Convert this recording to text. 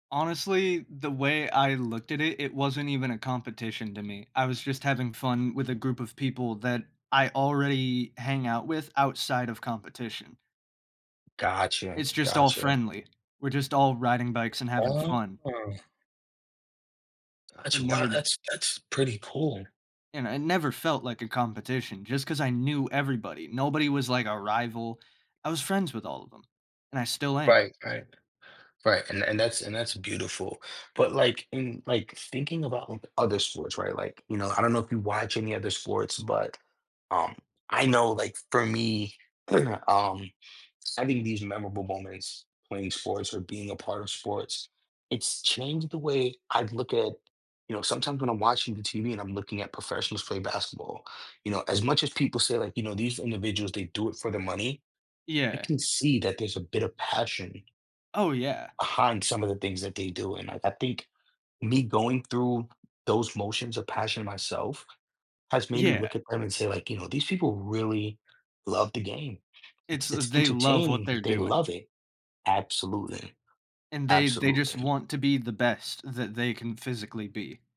Honestly, the way I looked at it, it wasn't even a competition to me, I was just having fun with a group of people that I already hang out with outside of competition. Gotcha. It's just all Gotcha. friendly. We're just all riding bikes and having fun. Uh-huh. It Actually, wow, never that's that's pretty cool. and it never felt like a competition just 'cause I knew everybody. Nobody was, like, a rival, I was friends with all of 'em, and I still am. Right, right. Right, and and that's and that's beautiful, but, like in like, thinking about other sports, right, like, you know, I don't know if you watch any other sports, but, um, I know, like, for me, um, having these memorable moments playing sports or being a part of sports, it's changed the way I'd look at you know, sometimes when I'm watching the TV and I'm looking at professionals play basketball, you know, as much as people say, like, you know, these individuals, they do it for the money, I Yeah. can see that there's a bit of passion Oh, yeah. behind some of the things that they do, and I I think me going through those motions of passion myself has made me Yeah. look at them and say, like, "You know, these people really love the game." It's It's it's they love what entertaining they're that they doing. love it. Absolutely. And they they just Absolutely. want to be the best that they can physically be.